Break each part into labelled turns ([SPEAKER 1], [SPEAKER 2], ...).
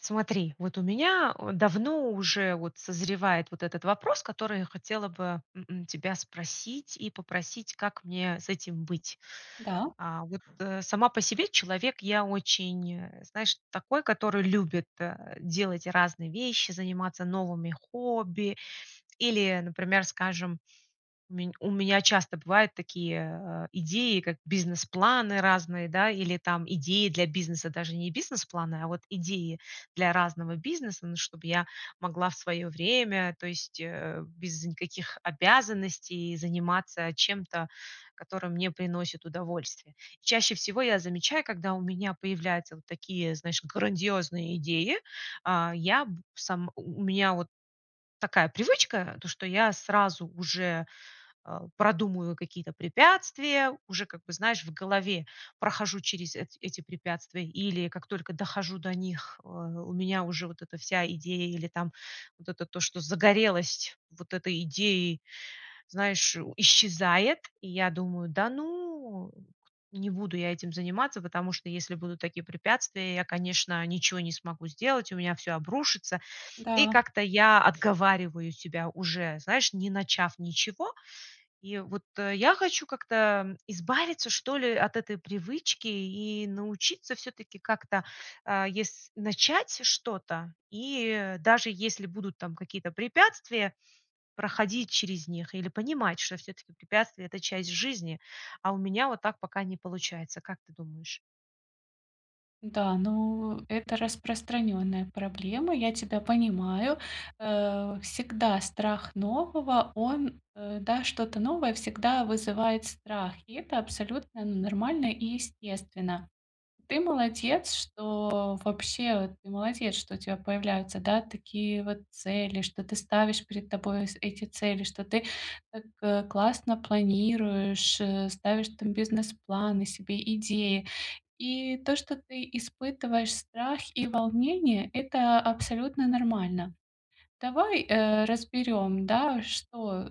[SPEAKER 1] Смотри, вот у меня вот давно уже вот созревает вот этот вопрос, который я хотела бы, м, м, тебя спросить и попросить, как мне с этим быть.
[SPEAKER 2] Да.
[SPEAKER 1] А, вот, э, сама по себе человек я очень, э, знаешь, такой, который любит, а, делать разные вещи, заниматься новыми хобби или, например, скажем, у ме у меня часто бывают такие, э, идеи, как бизнес-планы разные, да, или там идеи для бизнеса, даже не бизнес-планы, а вот идеи для разного бизнеса, ну чтобы я могла в своё время, то есть, э, без никаких обязанностей заниматься чем-то, которое мне приносит удовольствие. Чаще всего я замечаю, когда у меня появляются вот такие, знаешь, грандиозные идеи, а, я б сам у у меня вот такая привычка, то, что я сразу уже, э, продумываю какие-то препятствия, уже, как бы, знаешь, в голове прохожу через эт эти препятствия или как только дохожу до них, э, у меня уже вот эта вся идея или там вот это то, что загорелось вот этой идеей, знаешь, исчезает, и я думаю: "Да ну кт не буду я этим заниматься, потому что если будут такие препятствия, я, конечно, ничего не смогу сделать, у меня всё обрушится". И
[SPEAKER 2] Да.
[SPEAKER 1] как-то я отговариваю себя уже, знаешь, не начав ничего. И вот я хочу как-то избавиться, что ли, от этой привычки и научиться всё-таки как-то, а, ес начать что-то и даже если будут там какие-то препятствия, проходить через них или понимать, что всё-таки препятствия- это часть жизни, а у меня вот так пока не получается, как ты думаешь?
[SPEAKER 2] Да, ну, это распространённая проблема, я тебя понимаю, э. Всегда страх нового, он, э, да, что-то новое всегда вызывает страх. И это абсолютно нормально и естественно. Ты молодец, что вообще ты молодец, что у тебя появляются, да, такие, вот, цели, что ты ставишь перед тобой эти цели, что ты так классно планируешь, э, ставишь там бизнес-планы себе, идеи. И то, что ты испытываешь страх и волнение,- это абсолютно нормально. Давай, э, разберём, да, что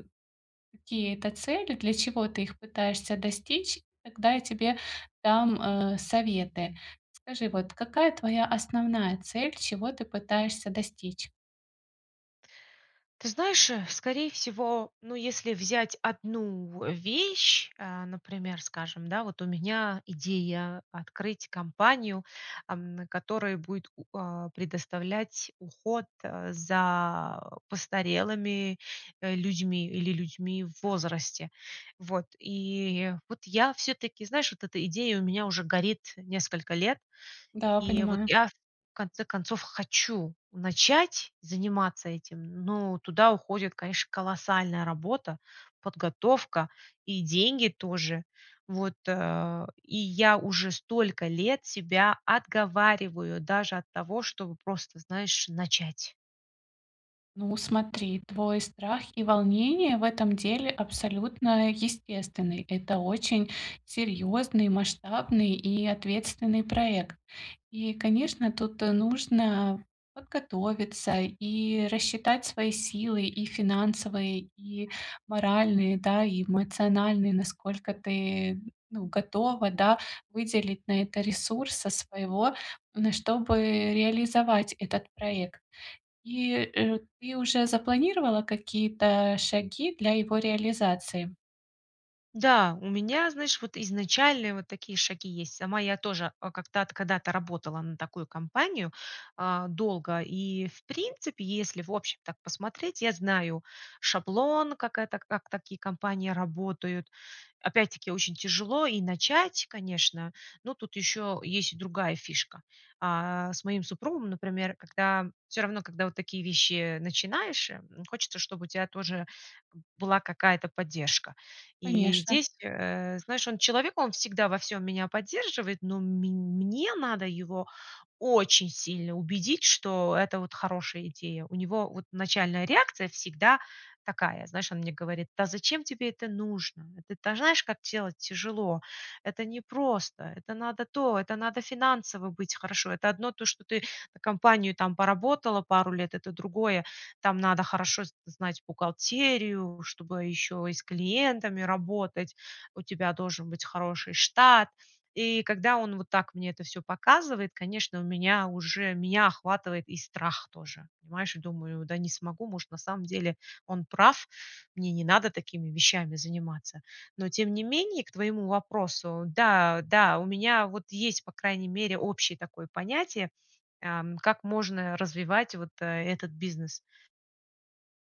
[SPEAKER 2] какие это цели, для чего ты их пытаешься достичь, тогда я тебе дам, э, советы. Скажи, вот, какая твоя основная цель, чего ты пытаешься достичь?
[SPEAKER 1] Ты знаешь, э, скорее всего, ну, если взять одну в вещь, э, например, скажем, да, вот у меня идея открыть компанию, ам, которая будет у а, предоставлять уход за постарелыми, э, людьми или людьми в возрасте. Вот, и вот я, всё-таки, знаешь, вот эта идея у меня уже горит несколько лет.
[SPEAKER 2] Да,
[SPEAKER 1] И вот
[SPEAKER 2] понимаю.
[SPEAKER 1] я, в конце концов, хочу начать заниматься этим, но туда уходит, конечно, колоссальная работа, подготовка и деньги тоже. Вот, а, и я уже столько лет себя отговариваю даже от того, чтобы просто, знаешь, начать.
[SPEAKER 2] Ну, смотри, твой страх и волнение в этом деле абсолютно естественный. Это очень серьёзный, масштабный и ответственный проект. И, конечно, тут, э, нужно подготовиться и рассчитать свои силы: и финансовые, и моральные, да, и эмоциональные, насколько ты, ну, готова, да, выделить на это ресурса своего, н чтобы реализовать этот проект. И, э, ты уже запланировала какие-то шаги для его реализации?
[SPEAKER 1] Да, у меня, знаешь, вот изначальные вот такие шаги есть. Сама я тоже о как-то от когда-то работала на такую компанию, э, долго и, в принципе, если, в общем, так посмотреть, я знаю шаблон, как это как такие компании работают. Опять-таки очень тяжело и начать, конечно. Но тут ещё есть и другая фишка. Э, с моим супругом, например, когда всё равно, когда вот такие вещи начинаешь, хочется, чтобы у тя тоже была какая-то поддержка. И
[SPEAKER 2] Конечно.
[SPEAKER 1] здесь, э, знаешь, он человек, он всегда во всём меня поддерживает, но мень мне надо его очень сильно убедить, что это вот хорошая идея. У него вот начальная реакция всегда такая. Знаешь, он мне говорит: "Да зачем тебе это нужно? Это, та знаешь, как делать тяжело. Это непросто, это надо то, это надо финансово быть хорошо. Это одно то, что ты на компанию там поработала пару лет, это другое. Там надо хорошо з знать бухгалтерию, чтобы ещё и с клиентами работать. У тебя должен быть хороший штат". И когда он вот так мне это всё показывает, конечно, у меня уже меня охватывает и страх тоже, понимаешь? Я думаю: "Да не смогу, может, на самом деле он прав, мне не надо такими вещами заниматься". Но тем не менее, к твоему вопросу: да, да, у меня вот есть, по крайней мере, общее такое понятие, ам, как можно развивать вот, э, этот бизнес.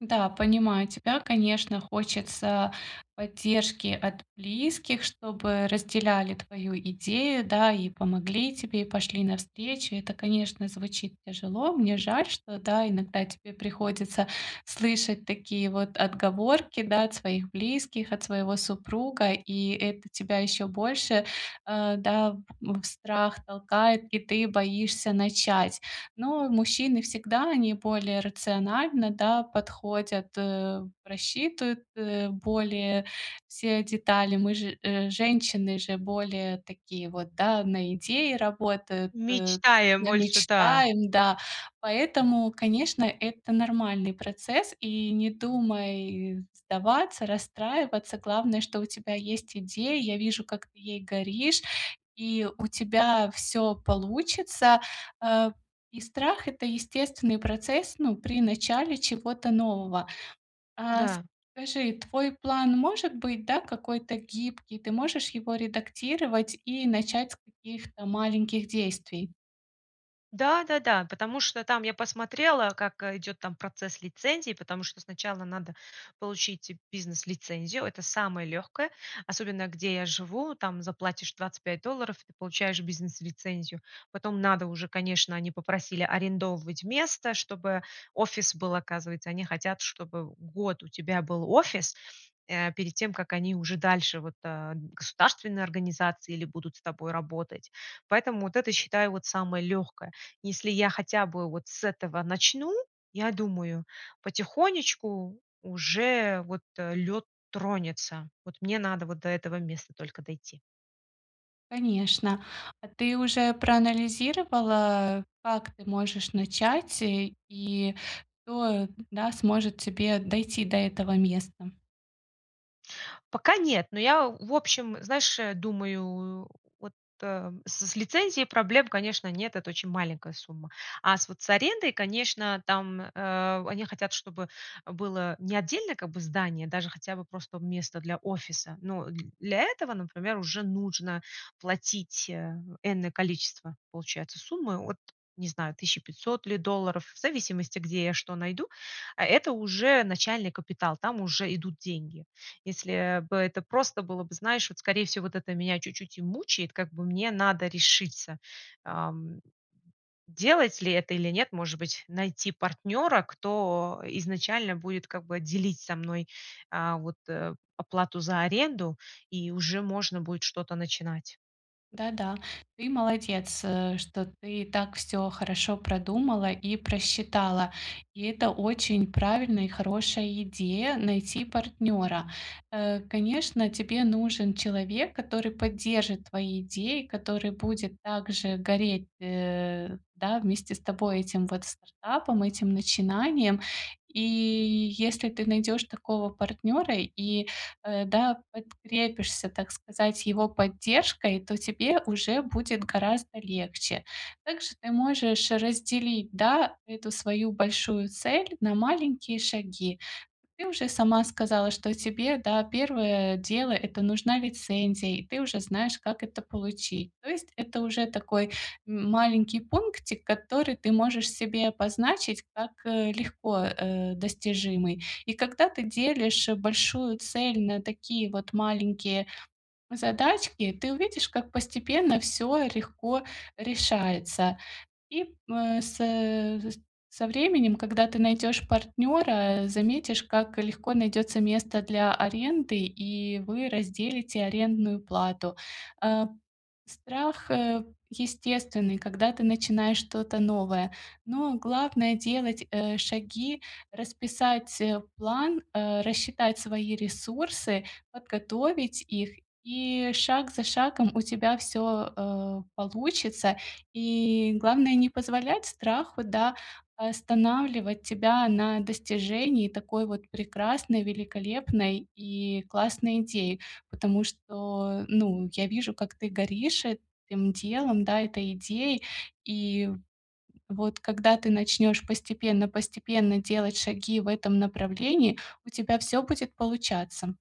[SPEAKER 2] Да, понимаю тебя, конечно, хочется поддержки от близких, чтобы разделяли твою идею, да, и помогли тебе, и пошли навстречу. Это, конечно, звучит тяжело. Мне жаль, что, да, иногда тебе приходится слышать такие вот отговорки, да, от своих близких, от своего супруга, и это тебя ещё больше, э, да, в страх толкает, и ты боишься начать. Но мужчины всегда, они более рациональны, да, подходят, э, просчитывают, э, более все детали. Мы же женщины, же более такие вот, да, на идеи работают, э,
[SPEAKER 1] Мечтаем больше, да.
[SPEAKER 2] мечтаем, да. Поэтому, конечно, это нормальный процесс, и не думай сдаваться, расстраиваться, главное, что у тебя есть идея. Я вижу, как ты ей горишь, и у тебя всё получится, э. И страх- это естественный процесс, ну, при начале чего-то нового. А
[SPEAKER 1] Да.
[SPEAKER 2] скажи, твой план, может быть, да, какой-то гибкий? Ты можешь его редактировать и начать с каких-то маленьких действий?
[SPEAKER 1] Да-да-да, потому что там, я посмотрела, как идёт там процесс лицензии, потому что сначала надо получить бизнес-лицензию. Это самое лёгкое, особенно где я живу, там заплатишь 25 долларов, ты получаешь бизнес-лицензию. Потом надо уже, конечно, они попросили, арендовывать место, чтобы офис был. Оказывается, они хотят, чтобы год у тебя был офис, э, перед тем, как они уже дальше, вот, э, государственные организации или будут с тобой работать. Поэтому вот это, считаю, вот, самое лёгкое. Если я хотя бы вот с этого начну, я думаю, потихонечку уже, вот, э, лёд тронется, вот мне надо вот до этого места только дойти.
[SPEAKER 2] Конечно. А ты уже проанализировала, как ты можешь начать, и и кто, да, сможет тебе дойти до этого места?
[SPEAKER 1] Пока нет, но я, в общем, знаешь, думаю, вот, эм, с с лицензией проблем, конечно, нет, это очень маленькая сумма. А с вот с арендой, конечно, там, э, они хотят, чтобы было не отдельное, как бы, здание, даже хотя бы просто место для офиса. Но для этого, например, уже нужно платить, э, энное количество, получается, суммы от, не знаю, 1 500 ли долларов, в зависимости, где я что найду, а это уже начальный капитал, там уже идут деньги. Если бы это просто было бы, знаешь, вот, скорее всего, вот это меня чуть-чуть и мучает, как бы мне надо решиться, эм, делать ли это или нет, может быть, найти партнёра, кто изначально будет, как бы, делить со мной, э, вот, э, оплату за аренду, и уже можно будет что-то начинать.
[SPEAKER 2] Да-да, ты молодец, э, что ты так всё хорошо продумала и просчитала. И это очень правильная и хорошая идея- найти партнёра. Э, конечно, тебе нужен человек, который поддержит твои идеи, который будет также гореть, э, да, вместе с тобой этим, вот, стартапом, этим начинанием. И, если ты найдёшь такого партнёра и, э, да, подкрепишься, так сказать, его поддержкой, то тебе уже будет гораздо легче. Также ты можешь разделить, да, эту свою большую цель на маленькие шаги. Ты уже сама сказала, что тебе, да, первое дело- это нужна лицензия, и ты уже знаешь, как это получить. То есть это уже такой, м, маленький пунктик, который ты можешь себе обозначить как, э, легко, э, достижимый. И когда ты делишь большую цель на такие вот маленькие задачки, ты увидишь, как постепенно всё легко решается. И, э, со со временем, когда ты найдёшь партнёра, заметишь- как легко найдётся место для аренды, и вы разделите арендную плату. Э, страх, э, естественный, когда ты начинаешь что-то новое, но главное- делать, э, шаги, расписать, э, план, э, рассчитать свои ресурсы, подготовить их, и шаг за шагом у тебя всё, э, получится. И, главное, не позволять страху, да, останавливать тебя на достижении такой вот прекрасной, великолепной и классной идеи. Потому что, ну, я вижу, как ты горишь этим делом, да, этой идеей. И вот, когда ты начнёшь постепенно постепенно делать шаги в этом направлении, у тебя всё будет получаться.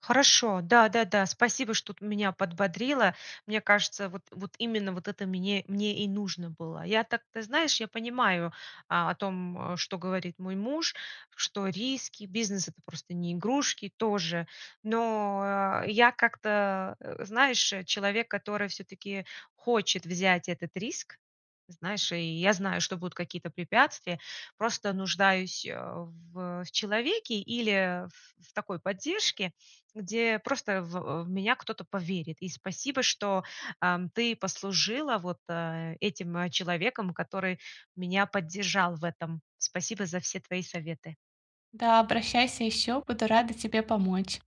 [SPEAKER 1] Хорошо, да, да, да, спасибо, что ты меня подбодрила. Мне кажется, вот вот именно вот это мне мне и нужно было. Я так, ты знаешь, я понимаю, э, о том, э, что говорит мой муж, что риски, бизнес- это просто не игрушки тоже, но я как-то, знаешь, человек, который всё-таки хочет взять этот риск, знаешь, и я знаю, что будут какие-то препятствия, просто нуждаюсь, а, в человеке или в в такой поддержке, где просто, в в меня кто-то поверит. И спасибо, что, эм, ты послужила вот, э, этим человеком, который меня поддержал в этом. Спасибо за все твои советы.
[SPEAKER 2] Да, обращайся ещё, буду рада тебе помочь!